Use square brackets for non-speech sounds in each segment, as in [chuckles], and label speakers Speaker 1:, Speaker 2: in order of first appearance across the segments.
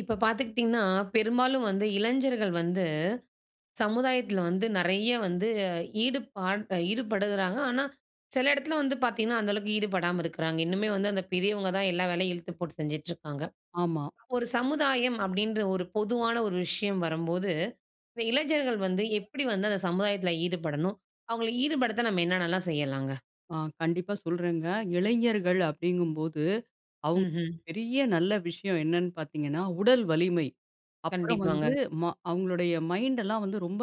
Speaker 1: இப்போ பார்த்துக்கிட்டிங்கன்னா, பெரும்பாலும் வந்து, இளைஞர்கள் வந்து சமுதாயத்துல வந்து நெறைய வந்து ஈடுபாடு ஈடுபடுகிறாங்க. ஆனா, சில இடத்துல வந்து பார்த்தீங்கன்னா அந்த அளவுக்கு ஈடுபடாம இருக்கறாங்க. இன்னுமே வந்து அந்த பெரியவங்க தான் எல்லா வேலையும் இழுத்து போட்டு செஞ்சுட்டுருக்காங்க.
Speaker 2: ஆமா.
Speaker 1: ஒரு சமுதாயம் அப்படின்ற ஒரு பொதுவான ஒரு விஷயம் வரம்போது, இந்த இளைஞர்கள் வந்து எப்படி வந்து அந்த சமுதாயத்ல ஈடுபடணும். அவங்கள ஈடுபடுத்த நம்ம என்னன்னலாம் செய்யலாங்க?
Speaker 2: ஆ கண்டிப்பா சொல்றேங்க. இளைஞர்கள் அப்டிங்கும்போது, அவங்க
Speaker 1: ம்ஹ்ம்.
Speaker 2: பெரிய நல்ல விஷயம் என்னன்னு பார்த்தீங்கன்னா உடல் வலிமை. அப்பறம் வந்து
Speaker 1: கண்டிப்பாங்க.
Speaker 2: ம அவங்களுடைய மைண்ட்டல்லாம் வந்து ரொம்ப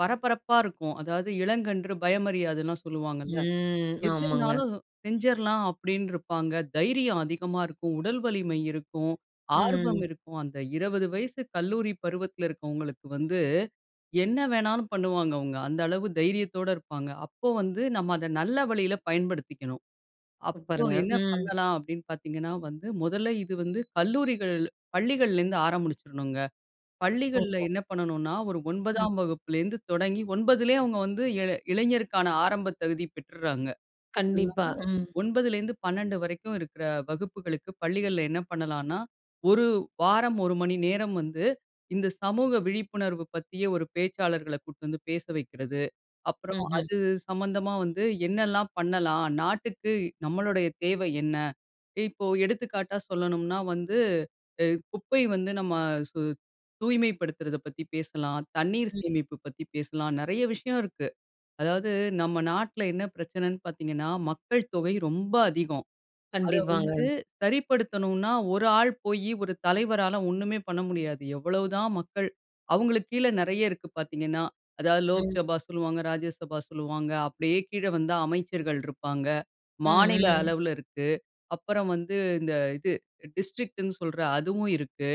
Speaker 2: பரபரப்பா இருக்கும். அதாவது இளங்கன்று பயமரியாதுன்னல்லாம் சொல்வாங்கல்ல.
Speaker 1: ம்,
Speaker 2: எது
Speaker 1: ஆமாங்க.
Speaker 2: இருந்தாலும் செஞ்சர்லாம் அப்டின்னுருப்பாங்க. தைரியம் அதிகமா இருக்கும், உடல் வலிமை இருக்கும், ஆர்வம்
Speaker 1: ம்.
Speaker 2: இருக்கும். அந்த 20 வயசு கல்லூரி பருவத்தில இருக்கறவங்களுக்கு வந்து என்ன வேணாலும் பண்ணுவாங்க அவங்க. அந்த அளவு தைரியத்தோடு இருப்பாங்க. அப்போ வந்து நம்ம அத நல்ல வழியில பயன்படுத்திக்கணும். அப்போ
Speaker 1: சூப்பருங்க,
Speaker 2: என்ன
Speaker 1: ம்.
Speaker 2: பண்ணலாம் அப்படின்னு பார்த்தீங்கன்னா வந்து. மொதல்ல இது வந்து கல்லூரிகள் பள்ளிகள்லருந்து ஆரம்பிச்சுரணுங்க. பள்ளிகள்ல
Speaker 1: ஓஹோ!
Speaker 2: என்ன பண்ணனுன்னா ஒரு
Speaker 1: ம்.
Speaker 2: 9தாம் வகுப்புலேருந்து தொடங்கி 9லயே அவங்க வந்து இளை இளைஞருக்கான ஆரம்பத் தகுதி பெற்றுராங்க. [unintelligible]
Speaker 1: கண்டிப்பா, ம்.
Speaker 2: 9லிருந்து 12 வரைக்கும் இருக்கற வகுப்புகளுக்கு, பள்ளிகள்ல என்ன பண்ணலான்னா, 1 வாரம் 1 மணி நேரம் வந்து, இந்த சமூக விழிப்புணர்வு பத்திய ஒரு பேச்சாளர்கள கூட்டு வந்து பேச வைக்கிறது. அப்புறம்
Speaker 1: ம்ஹ்ம்.
Speaker 2: அது சம்பந்தமா வந்து என்னல்லாம் பண்ணலாம். நாட்டுக்கு நம்முடைய தேவை என்ன? இப்போ எடுத்துக்காட்டா சொல்லணும்னா வந்து அ குப்பை வந்து நம்ம சு தூய்மைப்படுத்துறத பத்தி பேசலாம், தண்ணீர்
Speaker 1: ம்.
Speaker 2: சேமிப்பு பத்தி பேசலாம். நெறைய விஷயம் இருக்கு. அதாவது நம்ம நாட்ல என்ன பிரச்சனன்னு பார்த்தீங்கன்னா மக்கள் தொகை ரொம்ப அதிகம். அத
Speaker 1: கண்டிப்பாங்க.
Speaker 2: வந்து சரிப்படுத்தணுன்னா ஒரு ஆள் போய் ஒரு தலைவரால ஒண்ணுமே பண்ண முடியாது. எவ்வளவுதான் மக்கள் அவங்களுக்கு கீழே நெறைய இருக்கு பார்த்தீங்கன்னா. அதாவது
Speaker 1: ம்.
Speaker 2: லோக்சபா சொல்லுவாங்க, ராஜ்யசபா சொல்லுவாங்க, அப்படியே கீழே வந்தா அமைச்சர்கள் இருப்பாங்க.
Speaker 1: ம்,
Speaker 2: மாநில
Speaker 1: ம்.
Speaker 2: அளவுல இருக்கு. அப்பறம் வந்து இந்த இது டிஸ்ட்ரிக்ட்ன்னு சொல்ற அதுவும் இருக்கு,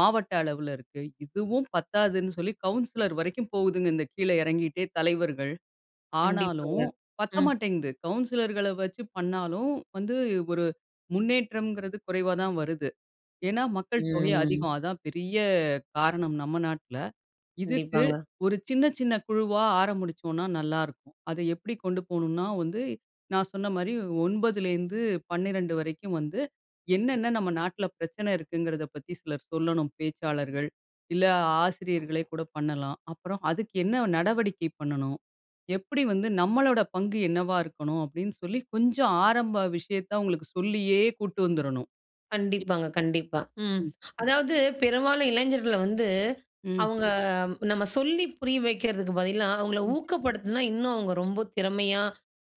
Speaker 2: மாவட்ட அளவிலருக்கு. இதுவும் பத்தாதுன்னு சொல்லி கவுன்சிலர் வரைக்கும் போகுதுங்க இந்த கீழே இறங்கிட்டே தலைவர்கள்.
Speaker 1: கண்டிப்பாங்க,
Speaker 2: ஆனாலும் பத்த
Speaker 1: ம்.
Speaker 2: மாட்டேங்குது. கவுன்சிலர்கள வச்சு பண்ணாலும் வந்து ஒரு முன்னேற்றம்ங்கிறது குறைவா தான் வருது. ஏன்னா மக்கள் தொகை
Speaker 1: ம்.
Speaker 2: அதிகம் அதான் பெரிய காரணம் நம்ம நாட்ல. இதுக்கு
Speaker 1: கண்டிப்பாங்க.
Speaker 2: ஒரு சின்ன சின்ன குழுவா ஆரம்பிச்சோம்னா நல்லாயிருக்கும். அத எப்படி கொண்டு போணும்னா வந்து, நான் சொன்ன மாரி 9லேருந்து 12 வரைக்கும் வந்து என்னன்ன நம்ம நாட்ல பிரச்சனை இருக்குங்கிறத பத்தி சிலர் சொல்லணும் பேச்சாளர்கள். இல்ல ஆசிரியர்களே கூட பண்ணலாம். அப்புறம் அதுக்கு என்ன நடவடிக்கை பண்ணணும்? எப்படி வந்து நம்மளோட பங்கு என்னவா இருக்கனும், அப்படின்னு சொல்லி கொஞ்சம் ஆரம்ப விஷயத்த அவங்களுக்கு சொல்லியே கூட்டு வந்துரனும்.
Speaker 1: கண்டிப்பாங்க, கண்டிப்பா, ம்.
Speaker 2: ம்.
Speaker 1: அதாவது பெரும்பாலும் இளைஞர்கள வந்து,
Speaker 2: ம்.
Speaker 1: அவங்க நம்ம சொல்லி புரிய வைக்கிறதுக்கு பதிலா, அவங்கள
Speaker 2: ம்.
Speaker 1: ஊக்கப்படுத்துனா, இன்னும் அவங்க ரொம்ப திறமையா,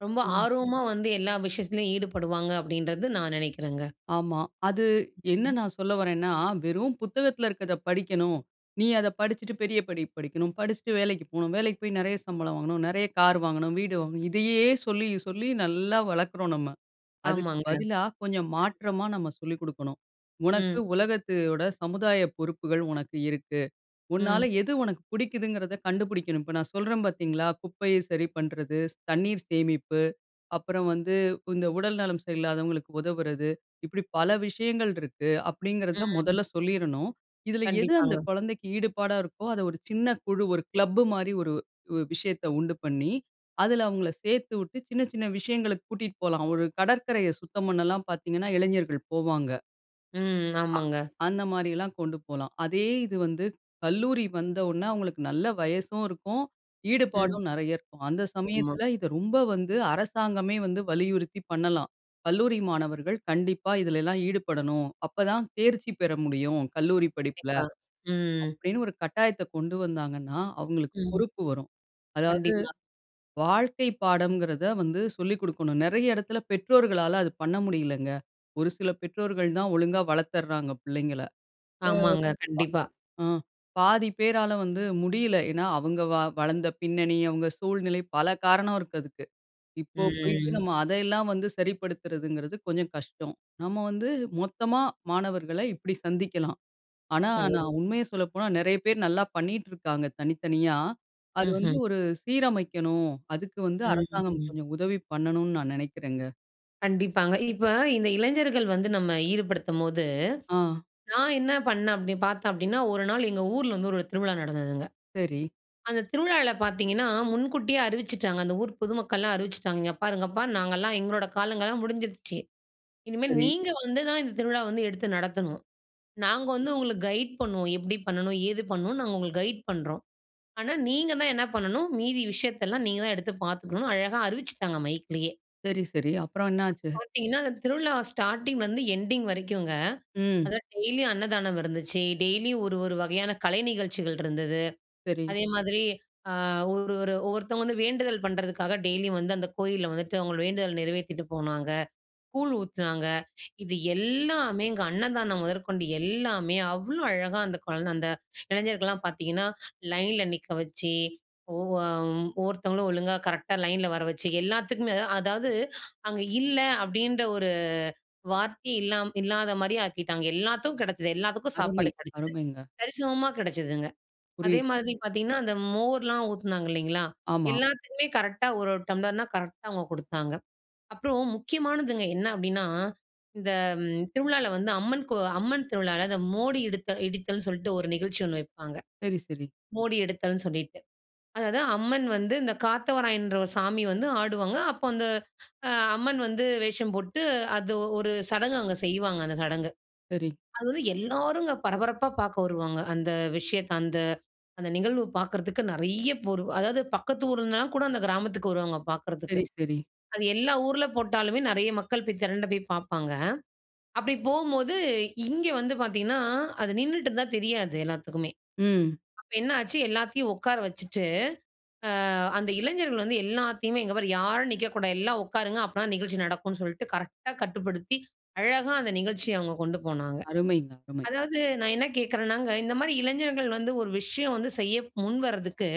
Speaker 1: ரொம்ப
Speaker 2: ம்.
Speaker 1: ஆர்வமா வந்து எல்லா விஷயத்திலயும் ஈடுபடுவாங்க. அப்படின்றது நான் நெனைக்கிறேங்க.
Speaker 2: ஆமா. அது என்ன
Speaker 1: ம்.
Speaker 2: நான் சொல்ல வர்றேன்னா, "வெறும் புத்தகத்ல இருக்கறத படிக்கணும். நீ அத படிச்சிட்டு பெரிய படிப்பு படிக்கணும். படிச்சிட்டு வேலைக்கு போணும். வேலைக்கு போய் நெறைய சம்பளம் வாங்கணும். நெறைய கார் வாங்கணும், வீடு வாங்கணும்." இதையே சொல்லி சொல்லி [chuckles] நல்லா வளர்க்குறோம் நம்ம. அதுக்கு
Speaker 1: ஆமாங்க. ம்.
Speaker 2: பதிலா கொஞ்சம் மாற்றமா நம்ம சொல்லிக் குடுக்கணும். "உனக்கு
Speaker 1: ம்.
Speaker 2: உலகத்தோட சமுதாய பொறுப்புகள் உனக்கு இருக்கு. உன்னால
Speaker 1: ம்.
Speaker 2: எது உனக்கு புடிக்குதுங்கிறத கண்டுபிடிக்கணும்." இப்போ நான் சொல்றேன் பார்த்தீங்களா, குப்பைய சரி பண்றது, ஸ் தண்ணீர் சேமிப்பு, அப்புறம் வந்து இந்த உடல் நலம் சரியில்லாதவங்களுக்கு உதவுறது, இப்படி பல விஷயங்கள் இருக்கு. அப்படிங்கிறத
Speaker 1: ம்.
Speaker 2: மொதல்ல சொல்லிரனும். இதுல எது அந்த
Speaker 1: கண்டிப்பாங்க.
Speaker 2: கொழந்தைக்கு ஈடுபாடா இருக்கோ, அத ஒரு சின்ன குழு ஒரு கிளப் மாரி ஒரு உ விஷயத்த உண்டு பண்ணி, அதுல அவங்கள சேர்த்துவுட்டு, சின்ன சின்ன விஷயங்களுக்கு கூட்டிட்டு போலாம். ஒரு கடற்கரைய சுத்தம் பண்ணலாம். பார்த்தீங்கன்னா இளைஞர்கள் போவாங்க.
Speaker 1: ம்.
Speaker 2: அ.
Speaker 1: ஆமாங்க.
Speaker 2: அந்த மாதிரியெல்லாம் கொண்டு போலாம். அதே இது வந்து கல்லூரி வந்த உடன அவங்களுக்கு நல்ல வயசும் இருக்கும்.
Speaker 1: ம்.
Speaker 2: ஈடுபாடும் நெறைய இருக்கும். அந்த
Speaker 1: ஆமா.
Speaker 2: சமயத்தில இதை ரொம்ப வந்து அரசாங்கமே வந்து வலியுறுத்தி பண்ணலாம். கல்லூரி மாணவர்கள் கண்டிப்பா இதுலெல்லாம் ஈடுபடணும். அப்பதான் தேர்ச்சி பெற முடியும் கல்லூரி படிப்பில.
Speaker 1: கண்டிப்பா. ம்.
Speaker 2: அப்படின்னு ஒரு கட்டாயத்தை கொண்டு வந்தாங்கன்னா அவங்களுக்கு
Speaker 1: ம்.
Speaker 2: பொறுப்பு வரும். அதாவது
Speaker 1: கண்டிப்பா.
Speaker 2: வாழ்க்கை பாடம்ங்கிறதை வந்து சொல்லி குடுக்கணும். நெறைய இடத்தில பெற்றோர்களால அது பண்ண முடியலங்க. ஒரு சில பெற்றோர்கள் தான் ஒழுங்கா வளர்த்தர்றாங்க பிள்ளைங்கள.
Speaker 1: ஆமாங்க. கண்டிப்பா.
Speaker 2: ஆ பா ம் பாதி பேரால வந்து முடியல. ஏன்னா அவங்க வ வளர்ந்த பின்னணி அவங்க சூழ்நிலை பல காரணம் இருக்கு அதுக்கு. இப்போ போய்ட்டு
Speaker 1: ம்.
Speaker 2: நம்ம அத எல்லாம் வந்து சரிப்படுத்துறதுங்கிறது கொஞ்சம் கஷ்டம். நம்ம வந்து மொத்தமா மாணவர்களை இப்படி சந்திக்கலாம். ஆனா,
Speaker 1: ஓ.
Speaker 2: நான் உண்மையை சொல்லப்போனா நெறைய பேர் நல்லா பண்ணிட்டு இருக்காங்க தனித்தனியா. அது வந்து
Speaker 1: ம்ஹ்ம்.
Speaker 2: ஒரு சீரமைக்கணும். அதுக்கு வந்து
Speaker 1: ம்.
Speaker 2: அரசாங்கம்
Speaker 1: ம்.
Speaker 2: கொஞ்சம் உதவி பண்ணணும்னு நான் நெனைக்கிறேங்க.
Speaker 1: கண்டிப்பாங்க. இப்ப இந்த இளைஞர்கள் வந்து நம்ம ஈடுபடுத்தும்போது,
Speaker 2: ஆ.
Speaker 1: நான் என்ன பண்ணேன் அப்படி பார்த்தோம் அப்படின்னா, ஒரு நாள் எங்கள் ஊர்ல வந்து ஒரு திருவிழா நடந்ததுங்க.
Speaker 2: சரி.
Speaker 1: அந்த திருவிழால பார்த்தீங்கன்னா முன்கூட்டியே அறிவிச்சுட்டாங்க. அந்த ஊர் பொதுமக்கள்லாம் அறிவிச்சுட்டாங்க. இங்க பாருங்கப்பா நாங்கலாம் எங்களோட காலங்கள்லாம் முடிஞ்சிடுச்சு. இனிமே
Speaker 2: சரி.
Speaker 1: நீங்க வந்து தான் இந்த திருவிழா வந்து எடுத்து நடத்தணும். நாங்க வந்து உங்களுக்கு கைடு பண்ணுவோம். எப்படி பண்ணணும், ஏது பண்ணணும்னு நாங்க உங்களுக்கு கைடு பண்றோம். ஆனா நீங்க தான் என்ன பண்ணணும் மீதி விஷயத்தெல்லாம் நீங்க தான் எடுத்து பார்த்துக்கணும் அழகா அறிவிச்சுட்டாங்க மைக்லயே.
Speaker 2: சரி, சரி. அப்பறம் என்னாச்சு?
Speaker 1: அப்ப பார்த்தீங்கன்னா அந்த திருவிழா ஸ்டார்ட்டிங்லருந்து எண்டிங் வரைக்கும்ங்க,
Speaker 2: ம்.
Speaker 1: அதாவது டெய்லியும் அன்னதானம் இருந்துச்சு. டெய்லியும் ஒரு ஒரு வகையான கலை நிகழ்ச்சிகள் இருந்தது.
Speaker 2: சரி.
Speaker 1: அதே மாரி அ ஒரு ஒரு ஒவ்வொருத்தவங்க வந்து வேண்டுதல் பண்ணுறதுக்காக டெய்லியும் வந்து அந்த கோயில்ல வந்துட்டு அவங்களோட வேண்டுதல் நிறைவேத்திட்டு போனாங்க. கூழ் ஊத்துனாங்க. [inhales] இது எல்லாமேங்க அன்னதானம் முதற்கொண்டு எல்லாமே அவ்வளோ அழகா அந்த குழந்தை, அந்த [inhales] இளைஞர்கள்லாம் பார்த்தீங்கன்னா [inhales] லைன்ல நிக்க வச்சி. ஒவ்வொ அ ஒவ்வொருத்தங்களும் ஒழுங்கா, கரெக்ட்டா லைன்ல வர வச்சு, எல்லாத்துக்குமே அது அதாவது [inhales] அங்க இல்லை அப்படின்ற ஒரு வார்த்தையே இல்லாம இல்லாத மாரி ஆக்கிட்டாங்க. எல்லாத்துக்கும் கெடைச்சது. எல்லாத்துக்கும்
Speaker 2: அருமை,
Speaker 1: சாப்பாடு கெடைச்சது.
Speaker 2: அருமைங்க.
Speaker 1: சரிசமமா கெடைச்சதுங்க. அதே
Speaker 2: புரியுது.
Speaker 1: மாரி பார்த்தீங்கன்னா, அந்த மோர்ல்லாம் ஊத்துனாங்க இல்லைங்களா?
Speaker 2: ஆமா.
Speaker 1: எல்லாத்துக்குமே கரெக்டா ஒரு ஒரு டம்ளர்னா கரெக்டா அவங்க குடுத்தாங்க. அப்பறம் முக்கியமானதுங்க என்ன அப்படின்னா, இந்த ம் திருவிழால வந்து அம்மன் கோ அம்மன் திருவிழால இந்த மோடி எடுத்தல் இடித்தல்ன்னு சொல்லிட்டு ஒரு நிகழ்ச்சி ஒண்ணு வைப்பாங்க.
Speaker 2: சரி, சரி.
Speaker 1: மோடி எடுத்தல்ன்னு சொல்லிட்டு. அதாவது அம்மன் வந்து இந்த காத்தவராயன்ன்ற ஒரு சாமி வந்து ஆடுவாங்க. அப்ப அந்த ஹ [gasps] அம்மன் வந்து வேஷம் போட்டு அது ஒரு சடங்கு அங்க செய்வாங்க, அந்த சடங்கு.
Speaker 2: சரி.
Speaker 1: அது வந்து எல்லாருங்க பரபரப்பா பார்க்க வருவாங்க அந்த விஷயத்தை. அந்த அந்த நிகழ்வு பார்க்கறதுக்கு நெறைய பேர். அதாவது பக்கத்து ஊர்ல இருந்துலாம் கூட அந்த கிராமத்துக்கு வருவாங்க பார்க்கறதுக்கு.
Speaker 2: சரி, சரி.
Speaker 1: அது எல்லா ஊர்ல போட்டாலுமே நெறைய மக்கள் போய் திரண்ட போய் பார்ப்பாங்க. அப்படி போம்போது இங்க வந்து பார்த்தீங்கன்னா, அது நின்னுட்டுருந்தா தெரியாது எல்லாத்துக்குமே.
Speaker 2: ம்.
Speaker 1: அப்ப என்ன ஆச்சு, எல்லாத்தையும் உட்கார வச்சுட்டு அ அந்த இளைஞர்கள் வந்து எல்லாத்தையுமே, "இங்க பார் யாரும் நிற்கக்கூடாது. எல்லாம் உட்காருங்க. அப்ப தான் நிகழ்ச்சி நடக்கும்ன்னு" சொல்லிட்டு கரெக்டா கட்டுப்படுத்தி அழகா அந்த நிகழ்ச்சியை அவங்க கொண்டு போனாங்க.
Speaker 2: அருமைங்க, அருமை.
Speaker 1: அதாவது நான் என்ன கேட்கிறன்னாங்க இந்த மாரி இளைஞர்கள் வந்து ஒரு விஷயம் வந்து செய்ய முன்வரதுக்கு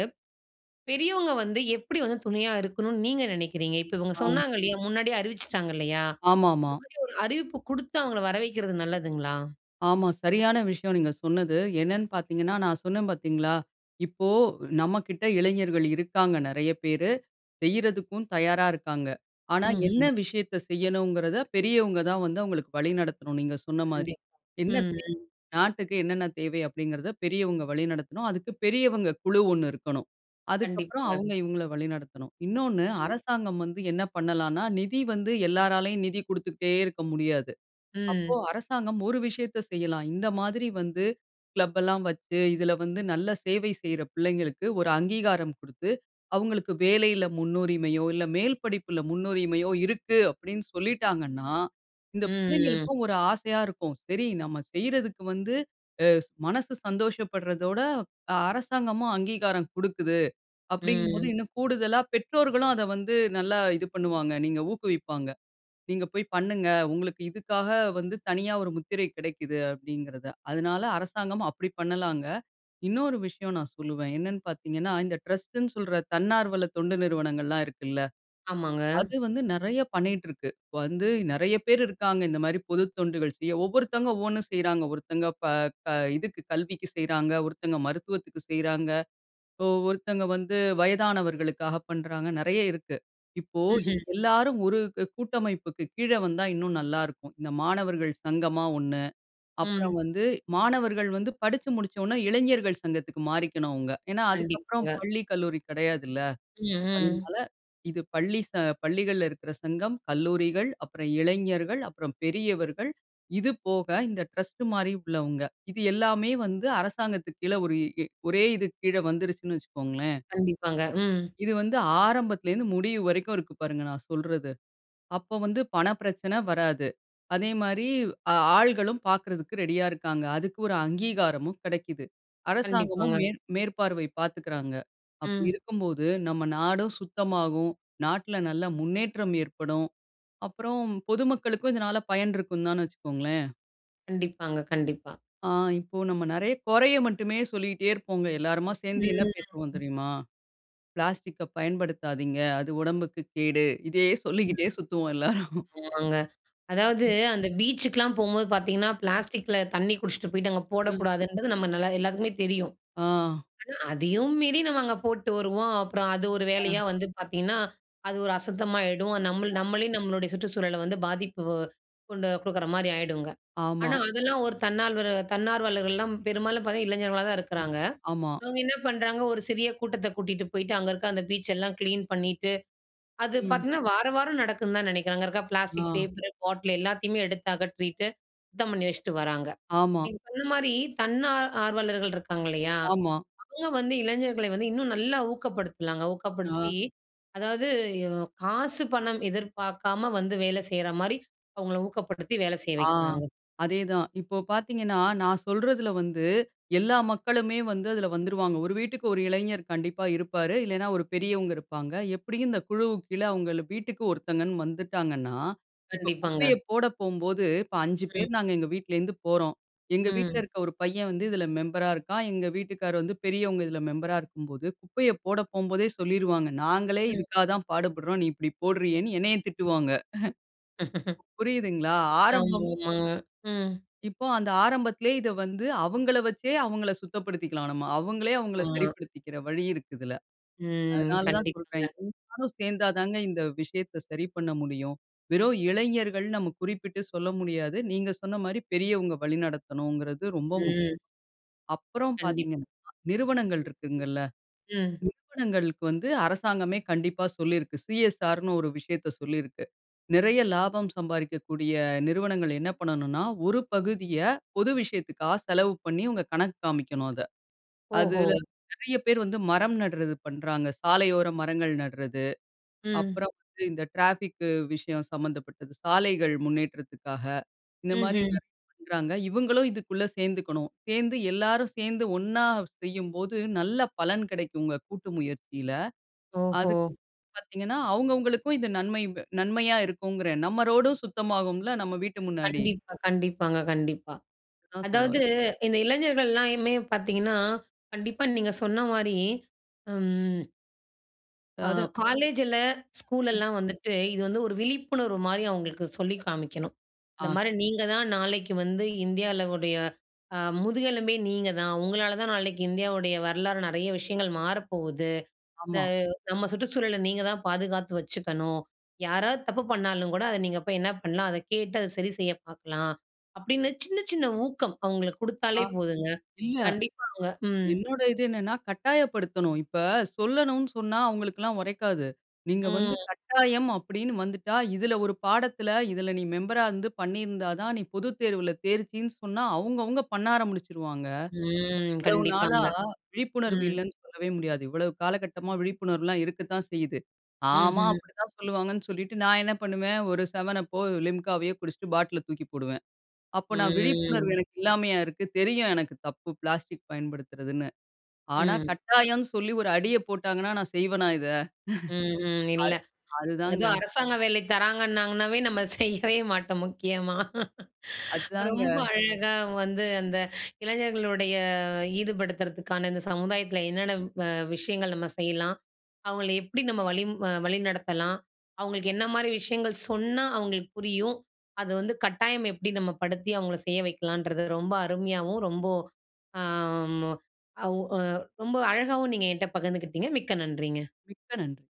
Speaker 1: பெரியவங்க வந்து எப்படி வந்து துணையா இருக்கணும்ன்னு நீங்க நினைக்கிறீங்க? இப்ப இவங்க
Speaker 2: ஆ.
Speaker 1: சொன்னாங்க இல்லையா? முன்னாடியே அறிவிச்சுட்டாங்க இல்லையா? இந்த
Speaker 2: ஆமாமா.
Speaker 1: மாரி ஒரு அறிவிப்பு குடுத்து அவங்கள வரவைக்கிறது நல்லதுங்களா?
Speaker 2: ஆமா. சரியான விஷயம் நீங்க சொன்னது. என்னன்னு பார்த்தீங்கன்னா நான் சொன்னேன் பார்த்தீங்களா? இப்போ நம்மகிட்ட இளைஞர்கள் இருக்காங்க நெறைய பேரு. செய்றதுக்கும் தயாரா இருக்காங்க. ஆனா என்ன
Speaker 1: ம்ஹ்ம்.
Speaker 2: விஷயத்தை செய்யணும்ங்கிறதை பெரியவங்க தான் வந்து அவங்களுக்கு வழி நடத்தணும் நீங்க சொன்ன மாரி.
Speaker 1: கண்டிப்பா.
Speaker 2: என்ன
Speaker 1: ம்,
Speaker 2: தே
Speaker 1: ம்.
Speaker 2: நாட்டுக்கு என்னென்ன தேவை அப்படிங்கிறதை பெரியவங்க வழிநடத்தணும். அதுக்கு பெரியவங்க குழு ஒண்ணு இருக்கணும். அதுக்கப்பறம்
Speaker 1: கண்டிப்பாங்க.
Speaker 2: அவங்க இவங்கள வழிநடத்தணும். இன்னொன்னு
Speaker 1: ம்.
Speaker 2: அரசாங்கம் வந்து என்ன பண்ணலாம்ன்னா நிதி வந்து எல்லாராலயும் நிதி குடுத்துக்கிட்டே இருக்க முடியாது. அப்போ
Speaker 1: ம்.
Speaker 2: அரசாங்கம் ஒரு விஷயத்தை செய்யலாம். இந்த மாதிரி வந்து கிளப் எல்லாம் வச்சு இதில வந்து நல்ல சேவை செய்ற பிள்ளைங்களுக்கு ஒரு அங்கீகாரம் குடுத்து அவங்களுக்கு வேலையில முன்னுரிமையோ இல்ல மேல் படிப்பில முன்னுரிமையோ இருக்கு அப்படின்னு சொல்லிட்டாங்கன்னா, இந்த
Speaker 1: ம்.
Speaker 2: பிள்ளைங்களுக்கும் ஒரு ஆசையா இருக்கும். சரி நம்ம செய்றதுக்கு வந்து, அ மனசு சந்தோஷப்படுறதோட, அரசாங்கமும் அங்கீகாரம் குடுக்குது அப்படிங்கும்போது,
Speaker 1: ம்.
Speaker 2: இன்னும் கூடுதலா பெற்றோர்களும் அதை வந்து நல்லா இது பண்ணுவாங்க. நீங்க ஊக்குவிப்பாங்க. நீங்க போய் பண்ணுங்க. உங்களுக்கு இதுக்காக வந்து தனியா ஒரு முத்திரை கிடைக்குது அப்படிங்கிறதை. அதனால அரசாங்கமும் அப்படி பண்ணலாங்க. இன்னொரு விஷயம் நான் சொல்லுவேன். என்னன்னு பார்த்தீங்கன்னா, இந்த ட்ரஸ்ட்டு ன்னு சொல்ற தன்னார்வல தொண்டு நிறுவனங்கள்லாம் இருக்குல்ல.
Speaker 1: ஆமாங்க.
Speaker 2: அது வந்து நெறைய பண்ணிட்டிருக்கு. இப்ப வந்து நெறைய பேர் இருக்காங்க இந்த மாரி பொதுத் தொண்டுகள் செய்ய. ஒவ்வொருத்தங்க ஒவ்வொண்ணு செய்றாங்க. ஒருத்தங்க ப க இதுக்கு கல்விக்கு செய்றாங்க, ஒருத்தங்க மருத்துவத்துக்கு செய்றாங்க, இப்போ ஒருத்தங்க வந்து வயதானவர்களுக்காக பண்ணுறாங்க. நெறைய இருக்கு. இப்போ இது
Speaker 1: ம்ஹ்ம்.
Speaker 2: எல்லாரும் ஒரு கூ கூட்டமைப்புக்கு கீழ வந்தா இன்னும் நல்லாருக்கும். இந்த மாணவர்கள் சங்கமா ஒண்ணு. அப்புறம்
Speaker 1: ம்.
Speaker 2: வந்து மாணவர்கள் வந்து படிச்சு முடிச்ச ஒண்ணே இளைஞர்கள் சங்கத்துக்கு மாறிக்கணும் அவுங்க. ஏன்னா அதுக்கப்புறம்
Speaker 1: கண்டிப்பாங்க.
Speaker 2: பள்ளி கல்லூரி கிடையாதுல்ல.
Speaker 1: ம், ம்.
Speaker 2: அதனால இது பள்ளி ச பள்ளிகள்ல இருக்குற சங்கம், கல்லூரிகள், அப்புறம் இளைஞர்கள், அப்புறம் பெரியவர்கள் இது போக இந்த டிரஸ்ட் மாரி உள்ளவங்க. இது எல்லாமே வந்து அரசாங்கத்துக்கு கீழ ஒரு இ ஒரே இதுக்கு கீழ வந்துருச்சுன்னு வச்சுக்கோங்களேன்.
Speaker 1: கண்டிப்பாங்க. ம்.
Speaker 2: இது வந்து ஆரம்பத்துலேருந்து முடிவு வரைக்கும் இருக்கு பாருங்க நான் சொல்றது. அப்போ வந்து பண பிரச்சனை வராது. அதேமாரி ஆள்களும் பார்க்குறதுக்கு ரெடியா இருக்காங்க. அதுக்கு ஒரு அங்கீகாரமும் கெடைக்கிது. அரசாங்கமும்
Speaker 1: கண்டிப்பாங்க.
Speaker 2: மே மேற்பார்வை பார்த்துக்கிறாங்க. அப்படி
Speaker 1: ம்.
Speaker 2: இருக்கும்போது நம்ம நாடும் சுத்தமாகும். நாட்டுல நல்ல முன்னேற்றம் ஏற்படும். அப்புறம் பொதுமக்களுக்கும் இதனால பயன் இருக்கும்தான்னு வச்சுக்கோங்களேன்.
Speaker 1: கண்டிப்பாங்க, கண்டிப்பா.
Speaker 2: ஆ, இப்போ நம்ம நெறைய, கொறைய மட்டுமே சொல்லிகிட்டே இருப்போங்க. எல்லருமா சேந்து என்ன
Speaker 1: ம்.
Speaker 2: பேசுவோம் தெரியுமா? "பிளாஸ்டிக்க பயன்படுத்தாதீங்க, அது உடம்புக்கு கேடு" இதையே சொல்லிக்கிட்டே
Speaker 1: ம்.
Speaker 2: சுத்துவோம் எல்லோரும்.
Speaker 1: ஆமாங்க. அதாவது
Speaker 2: ம்.
Speaker 1: அந்த பீச்சுக்குலாம் போம்போது பாத்தீங்கன்னா,
Speaker 2: ம்.
Speaker 1: பிளாஸ்டிக்ல தண்ணீ குடிச்சிட்டு போய்ட்டு அங்க
Speaker 2: ம்.
Speaker 1: போடக்கூடாதுன்றது நம்ம நல்ல எல்லாத்துக்குமே தெரியும்.
Speaker 2: ஆ.
Speaker 1: ஆனா, அதையும் மீறி, நம்ம அங்க போட்டு வருவோம். அப்புறம் அது ஒரு
Speaker 2: ஆ.
Speaker 1: வேலையா வந்து பாத்தீங்கன்னா, அது ஒரு அசுத்தமா ஆயிடும். நம்மள்
Speaker 2: அ.
Speaker 1: நம்மளே நம்மளுடைய சுற்றுச்சூழல வந்து, பாதிப்பு கொண்டு கொடுக்குற மாரி ஆயிடுங்க. ஆனா,
Speaker 2: ஆமா.
Speaker 1: அதெல்லாம் ஒரு தன்னால்வரு, தன்னார்வலர்கள்லாம் பெரும்பாலும் பாத்தா, இளைஞர்களா தான்
Speaker 2: ம்,
Speaker 1: இருக்குறாங்க.
Speaker 2: ஆமா.
Speaker 1: அவங்க என்ன பண்றாங்க, ஒரு சிறிய கூட்டத்தை கூட்டிட்டு போய்ட்டு, அங்க இருக்கிற அந்த பீச் எல்லாம் கிளீன் பண்ணிட்டு, அது
Speaker 2: ம்.
Speaker 1: பார்த்தீங்ன்னா, வார வாரம் நடக்குன்னு தான் நினைக்கிறேன். அங்க இருக்க பிளாஸ்டிக்
Speaker 2: ஆ.
Speaker 1: பேப்பர், பாட்டில், எல்லாத்தையுமே எடுத்தகற்றீட்டு, சுத்தம் பண்ணி வச்சுட்டு வராங்க.
Speaker 2: ஆமா.
Speaker 1: நீங்க சொன்ன மாரி, தன் ஆ ஆர்வலர்கள் இருக்காங்க இல்லையா?
Speaker 2: ஆமா.
Speaker 1: அவுங்க வந்து, இளைஞர்களை வந்து, இன்னும் நல்லா ஊக்கப்படுத்தலாங்க.
Speaker 2: ஆ.
Speaker 1: ஊக்கப்படுத்தி, அதாவது யு காசு பணம் எதிர்பாக்காம வந்து, வேல செய்ற மாரி, அவுங்கள ஊக்கப்படுத்தி, வேலை செய்ய
Speaker 2: ஆ
Speaker 1: வைக்கலாங்க.
Speaker 2: அதேதான் இப்போ பாத்தீங்கன்னா, நான் சொல்றதில வந்து எல்லா மக்களுமே வந்து, அதில வந்துருவாங்க. ஒரு வீட்டுக்கு ஒரு இளைஞர் கண்டிப்பா இருப்பாரு. இல்லைனா, ஒரு பெரியவங்க இருப்பாங்க, எப்டியும் இந்த குழுவுக்கு கீழே அவங்கள் வீட்டுக்கு ஒருத்தங்கன்னு வந்துட்டாங்கன்னா, இப்போ
Speaker 1: கண்டிப்பாங்க.
Speaker 2: குப்பைய போட போம்போது, இப்போ 5
Speaker 1: ம்.
Speaker 2: பேர் நாங்க எங்க வீட்லருந்து போறோம். எங்க வீட்ல
Speaker 1: ம்.
Speaker 2: இருக்க ஒரு பையன் வந்து இதில மெம்பரா இருக்கான். எங்க வீட்டுக்காரர் வந்து, பெரியவங்க இதில மெம்பரா இருக்கும்போது, குப்பைய போட போம்போதே, சொல்லிருவாங்க. நாங்களே
Speaker 1: ம்.
Speaker 2: இதுக்காக தான் பாடுபடுறோம். நீ இப்டி போடுறியேன்னு, என்னைய திட்டுவாங்க. [chuckles]
Speaker 1: [chuckles]
Speaker 2: இப்ப புரியுதுங்களா? ஆரம்பம்
Speaker 1: ஆமாமாங்க. ம்.
Speaker 2: இப்போ, அந்த ஆரம்பத்திலயே இதை வந்து, அவங்கள வச்சே, அவங்கள சுத்தப்படுத்திக்கலாம் நம்ம. அவங்களே, அவங்கள
Speaker 1: ஆமா.
Speaker 2: சரிப்படுத்திக்கிற வழி இருக்கு இதில.
Speaker 1: ம்,
Speaker 2: அதனால தான் சொல்றேன்,
Speaker 1: கண்டிப்பாங்க.
Speaker 2: எல்லாரும் சேந்தா தாங்க இந்த விஷயத்தை சரி பண்ண முடியும். வெறும் இளைஞர்கள், நம்ம குறிப்பிட்டு சொல்ல முடியாது. நீங்க சொன்ன மாரி பெரியவங்க வழிநடத்தணுங்கிறது, ரொம்ப முக்கியம்.
Speaker 1: ம்.
Speaker 2: அப்புறம்
Speaker 1: கண்டிப்பா.
Speaker 2: பாத்தீங்கன்னா, நிறுவனங்கள் இருக்குங்கல்ல,
Speaker 1: ம்.
Speaker 2: நிறுவனங்களுக்கு வந்து அரசாங்கமே கண்டிப்பா சொல்லியிருக்கு. சிஎஸ்ஆர்ன்னு ஒரு விஷயத்தை சொல்லியிருக்கு. நிறைய லாபம் சம்பாரிக்கக்கூடிய நிறுவனங்கள் என்ன பண்ணணுன்னா, ஒரு பகுதிய பொது விஷயத்துக்காக செலவு பண்ணி, உங்க கணக்கு காமிக்கணும் அத.
Speaker 1: ஓஹோ!
Speaker 2: அதுல நிறைய பேர் வந்து மரம் நடுறது பண்றாங்க. சாலையோர மரங்கள் நடுறது,
Speaker 1: ம்.
Speaker 2: அப்புறம் வந்து இந்த ட்ராஃபிக்கு விஷயம் சம்மந்தப்பட்டது, சாலைகள் முன்னேற்றத்துக்காக, இந்த மாதிரி
Speaker 1: ம்ஹ்ம்.
Speaker 2: நிறைய பண்றாங்க. இவுங்களும் இதுக்குள்ள சேந்துக்கணும். சேந்து எல்லாரும் சேந்து ஒண்ணா செய்யும்போது, நல்ல பலன் கிடைக்கும்ங்க கூட்டு முயற்சியில.
Speaker 1: ஓஹோ!
Speaker 2: அதுக்கு பார்த்தீங்கன்னா, அவங்கவங்களுக்கும் இது நன்மையு நன்மையா இருக்குங்கிறேன். நம்ம ரோடும் சுத்தமாகும்ல, நம்ம வீட்டு முன்னாடி.
Speaker 1: கண்டிப்பா, கண்டிப்பாங்க. கண்டிப்பா.
Speaker 2: அதான் சொல்ல
Speaker 1: அதாவது
Speaker 2: வரேன்.
Speaker 1: இந்த இளைஞர்கள் எல்லாருமே பார்த்தீங்கன்னா, கண்டிப்பா நீங்க சொன்ன மாரி அம் அ.
Speaker 2: அதாவது.
Speaker 1: காலேஜ்ல,
Speaker 2: ம்.
Speaker 1: ஸ்கூலெல்லாம் வந்துட்டு இது வந்து ஒரு விழிப்புணர்வு மாரி, அவங்களுக்கு சொல்லி காமிக்கணும். இந்த
Speaker 2: ஆ.
Speaker 1: மாரி "நீங்க தான் நாளைக்கு வந்து இந்தியால உடைய, அ முதுகெலும்பே நீங்க தான். உங்களால தான் நாளைக்கு இந்தியாவுடைய வரலாறு, நெறைய விஷயங்கள் மாற போகுது. இந்த
Speaker 2: ஆமா.
Speaker 1: நம்ம சுற்றுச்சூழல, நீங்க தான் பாதுகாத்து வச்சுக்கணும். யாராவது தப்பு பண்ணாலும் கூட, அத நீங்க போய் என்ன பண்ணலாம்? அத கேட்டு அத சரி செய்ய பார்க்கலாம்". அப்படின்னு சின்ன சின்ன ஊக்கம், அவங்களுக்கு
Speaker 2: ஆ
Speaker 1: குடுத்தாலே போதுங்க.
Speaker 2: இல்ல.
Speaker 1: கண்டிப்பா அவங்க ம்.
Speaker 2: என்னுடைய இது என்னன்னா? கட்டாயப்படுத்தணும். இப்ப சொல்லணும்னு சொன்னா அவங்களுக்குல்லாம் ஒரைக்காது. நீங்க வந்து
Speaker 1: ம்.
Speaker 2: கட்டாயம் அப்படின்னு வந்துட்டா, இதில ஒரு பாடத்தில இதில நீ மெம்பர்ரா இருந்து, பண்ணியிருந்தா தான், நீ பொதுத் தேர்வில தேர்ச்சின்னு சொன்னா, அவங்க அவங்க பண்ண ஆரம்பிச்சிடுவாங்க.
Speaker 1: ம்.
Speaker 2: இவ்வளவு நாளா
Speaker 1: கண்டிப்பாங்க
Speaker 2: விழிப்புணர்வு
Speaker 1: ம்.
Speaker 2: இல்லன்னு சொல்லவே முடியாது. இவ்ளோ காலகட்டமா விழிப்புணர்வுலாம் இருக்கத்தான் செய்யுது. ஆமா,
Speaker 1: ம்ஹ்.
Speaker 2: அப்படிதான் சொல்லுவாங்கன்னு சொல்லிட்டு நான் என்ன பண்ணுவேன்? ஒரு 7up போ, Limca வையோ குடிச்சுட்டு பாட்டில தூக்கி போடுவேன். அப்போ நான் விழிப்புணர்வு,
Speaker 1: ம்.
Speaker 2: எனக்கு இல்லாமையா இருக்கு? தெரியும் எனக்கு தப்பு, பிளாஸ்டிக் பயன்படுத்துறதுன்னு. ஆனா
Speaker 1: ம்.
Speaker 2: கட்டாயம்னு சொல்லி ஒரு அடிய போட்டாங்கன்னா, நான் செய்வனா இத?
Speaker 1: ம், ம்.
Speaker 2: [laughs]
Speaker 1: இல்ல
Speaker 2: அது அதுதாங்க.
Speaker 1: அதுவும் அரசாங்க வேலை தராங்கன்னாங்கன்னாவே, நம்ம செய்யவே மாட்டோம் முக்கியமா.
Speaker 2: அத்தாங்க.
Speaker 1: ரொம்ப அழகா வந்து அந்த இளைஞர்களுடைய ஈடுபடுத்துறதுக்கான இந்த சமுதாயத்தில என்னென்ன வ விஷயங்கள் நம்ம செய்யலாம்? அவங்களை எப்படி நம்ம வழிம் அ வழிநடத்தலாம்? அவங்களுக்கு என்ன மாரி விஷயங்கள் சொன்னா? அவங்களுக்கு புரியும். அது வந்து கட்டாயம் எப்படி நம்ம படுத்தி அவங்களை செய்ய வைக்கலன்றது ரொம்ப அருமையாவும், ரொம்ப, அ மு அவ் ஓ ரொம்ப அழகாவும் நீங்க என்கிட்ட பகிர்ந்துகிட்டீங்க. மிக்க நன்றிங்க!
Speaker 2: மிக்க நன்றி.